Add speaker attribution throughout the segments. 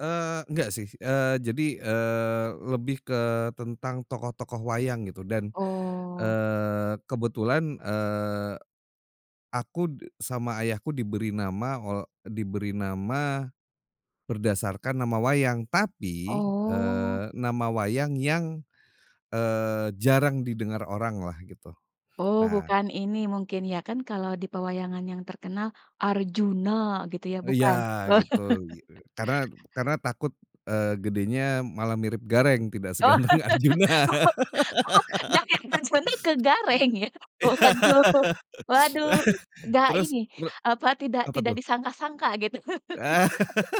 Speaker 1: Eee, enggak sih, eee, jadi, eee, lebih ke tentang tokoh-tokoh wayang gitu, dan,
Speaker 2: Oh.
Speaker 1: eee, kebetulan, eee, aku de sama ayahku diberi nama ol diberi nama berdasarkan nama wayang tapi,
Speaker 2: Oh.
Speaker 1: eee, nama wayang yang, eee, jarang didengar orang lah gitu.
Speaker 2: Oh
Speaker 1: Nah
Speaker 2: bukan ini mungkin ya, kan kalau di pewayangan yang terkenal Arjuna gitu ya,
Speaker 1: Iya
Speaker 2: bukan.
Speaker 1: gitu i eee, karena karena takut, eee, gedenya malah mirip Gareng tidak
Speaker 2: Oh
Speaker 1: seganteng Arjuna.
Speaker 2: oh oh dari Arjuna ke Gareng ya. Waduh
Speaker 1: Iya
Speaker 2: waduh, enggak
Speaker 1: Terus
Speaker 2: ini,
Speaker 1: re
Speaker 2: apa tidak
Speaker 1: Apa
Speaker 2: tidak
Speaker 1: tuh?
Speaker 2: disangka-sangka gitu.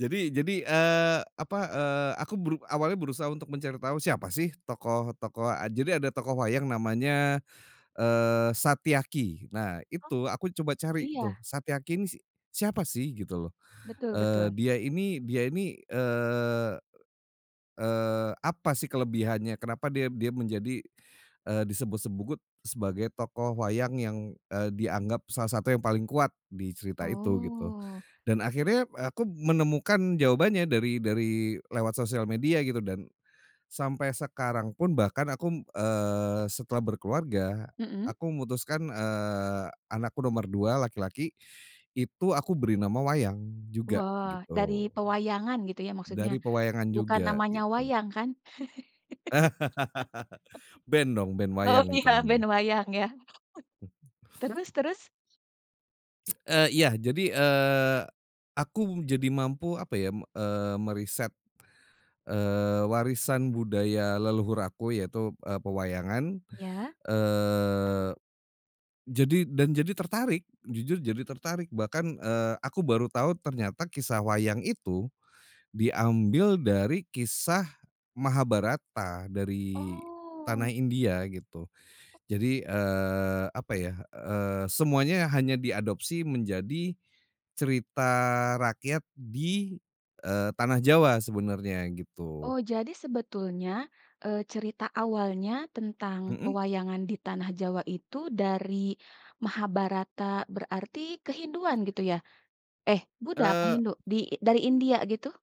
Speaker 1: Jadi jadi, eee, apa, eee, aku beru awalnya berusaha untuk mencari tahu siapa sih tokoh-tokoh eee, jadi ada tokoh wayang namanya, eee, Satyaki, nah
Speaker 2: Oh.
Speaker 1: itu aku coba cari tuh,
Speaker 2: Iya
Speaker 1: Satyaki ini si siapa sih gitu loh,
Speaker 2: Betul
Speaker 1: eee
Speaker 2: betul.
Speaker 1: dia ini dia ini, eee eee, apa sih kelebihannya, kenapa dia dia menjadi, eee, disebut-sebut sebagai tokoh wayang yang, eee, dianggap salah satu yang paling kuat di cerita itu gitu.
Speaker 2: Oh.
Speaker 1: Dan akhirnya, p aku menemukan jawabannya dari dari lewat sosial media gitu dan sampai sekarang pun bahkan aku, eee, setelah berkeluarga,
Speaker 2: Mhm.
Speaker 1: aku memutuskan, eee, anakku nomor 2 laki-laki, itu aku beri nama wayang juga
Speaker 2: Wah, dari
Speaker 1: gitu.
Speaker 2: pewayangan gitu ya maksudnya,
Speaker 1: Dari pewayangan
Speaker 2: bukan
Speaker 1: juga,
Speaker 2: namanya
Speaker 1: gitu.
Speaker 2: "wayang" kan?
Speaker 1: Band dong, band
Speaker 2: Oh,
Speaker 1: wayang itu
Speaker 2: ya band
Speaker 1: namanya.
Speaker 2: wayang ya. Terus terus?
Speaker 1: Eee, iya, jadi, eee, aku jadi mampu apa ya, me eee, meriset, eee, warisan budaya leluhur aku yaitu, eee, pewayangan.
Speaker 2: Ya.
Speaker 1: Eee, jadi dan jadi tertarik, jujur jadi tertarik bahkan, eee, aku baru tahu ternyata kisah wayang itu, diambil dari kisah Mahabharata dari tanah
Speaker 2: Oh.
Speaker 1: India gitu. Jadi, eee, apa ya, eee, semuanya hanya diadopsi menjadi cerita rakyat di, eee, tanah Jawa sebenarnya gitu.
Speaker 2: Oh jadi sebetulnya, eee, cerita awalnya tentang
Speaker 1: Mhm.
Speaker 2: pewayangan di tanah Jawa itu dari Mahabharata berarti ke Hinduan gitu ya? Eh, Buddha apa
Speaker 1: Eee
Speaker 2: Hindu? Di dari India gitu?